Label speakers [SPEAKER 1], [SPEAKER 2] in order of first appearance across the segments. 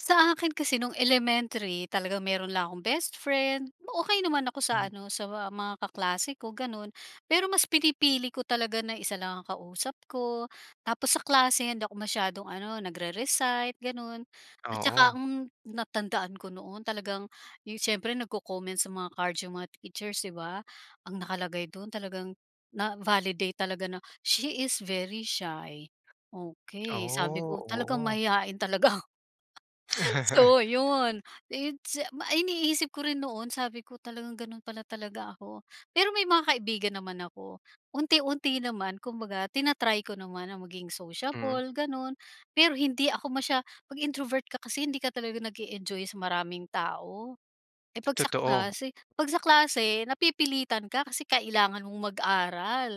[SPEAKER 1] Sa akin kasi nung elementary talagang meron lang akong bestfriend, okey naman ako sa
[SPEAKER 2] Hmm.
[SPEAKER 1] ano sa mga kaklase ko ganun. Pero mas pinipili ko talaga na isa lang ang kausap ko, tapos sa klase hindi ako masyadong ano nagre-recite ganun at tsaka,
[SPEAKER 2] Oo.
[SPEAKER 1] mm, ang natandaan ko noon talagang yung siyempre nagko-comments sa mga card yung mga teachers di ba? Ang nakalagay dun talagang na-validate talaga na, "She is very shy". Okey, sabi
[SPEAKER 2] Oh,
[SPEAKER 1] ko talagang
[SPEAKER 2] oo.
[SPEAKER 1] mahiyain talaga. So yun, its ma iniisip ko rin noon sabi ko talagang ganun pala talaga ako. Pero may mga kaibigan naman ako. Unti-unti naman kumbaga tina-try ko naman na maging
[SPEAKER 2] Mm.
[SPEAKER 1] sociable ganun, pero hindi ako masya pag introvert ka kasi hindi ka talaga nag-e-enjoy sa maraming tao. Eh, pag sa
[SPEAKER 2] Totoo.
[SPEAKER 1] klase pag sa klase napipilitan ka kasi kailangan mong mag-aral.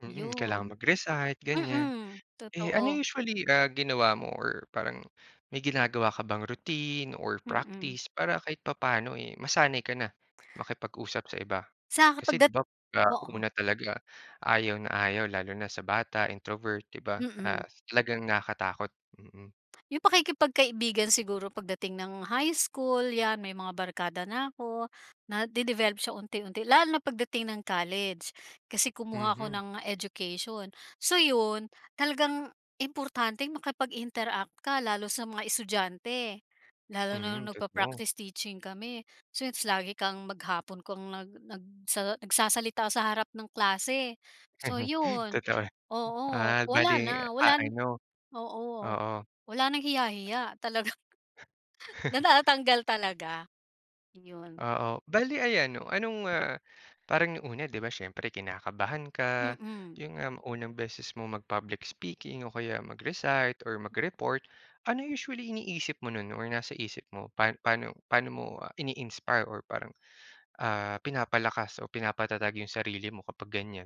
[SPEAKER 2] Mm, kailangan
[SPEAKER 1] Yun.
[SPEAKER 2] mag-recite, ganyan,
[SPEAKER 1] Mm,
[SPEAKER 2] eh, ano
[SPEAKER 1] totoo.
[SPEAKER 2] usually, ah, ginawa mo or parang may ginagawa ka bang routine or
[SPEAKER 1] Mm.
[SPEAKER 2] practice para kahit papaano, eh, masanay ka na makipag-usap sa iba?
[SPEAKER 1] Saka
[SPEAKER 2] Kasi di
[SPEAKER 1] pagdat
[SPEAKER 2] ba ah,
[SPEAKER 1] oo.
[SPEAKER 2] una talaga ayaw na ayaw lalo na sa bata introvert di ba, ah,
[SPEAKER 1] Mm.
[SPEAKER 2] talagang nakatakot, mm.
[SPEAKER 1] Yung pakikipagkaibigan siguro pagdating ng high school yan may mga barkada na ako, nade-develop siya unti-unti lalo na pagdating ng college. Kasi kumuha ako
[SPEAKER 2] Mhm.
[SPEAKER 1] ng education. So yun, talagang importanteng makipag-interact ka, lalo sa mga estudyante, lalo na
[SPEAKER 2] Mm,
[SPEAKER 1] nung
[SPEAKER 2] totoo.
[SPEAKER 1] nagpa-practice teaching kami. So its lagi kang maghapon kang nag nag nagsa nagsasalita sa harap ng klase. So yun
[SPEAKER 2] Totoo.
[SPEAKER 1] oo,
[SPEAKER 2] Ah,
[SPEAKER 1] wala na,
[SPEAKER 2] bale, ah,
[SPEAKER 1] wala na
[SPEAKER 2] ano,
[SPEAKER 1] oo
[SPEAKER 2] oo.
[SPEAKER 1] wala nang hiya-hiya, talagang natatatanggal talaga. Yun.
[SPEAKER 2] Oo, bale ayan 'no, anong, ah, parang nung una di ba siyempre kinakabahan ka,
[SPEAKER 1] Mm.
[SPEAKER 2] yun nga unang beses mo mag-public speaking o kaya mag-recite or mag-report. Ano usually iniisip mo nun or nasa isip mo pa paano paano mo, ah, ini-inspire or parang, ah, pinapalakas o pinapatatag yung sarili mo kapag ganyan?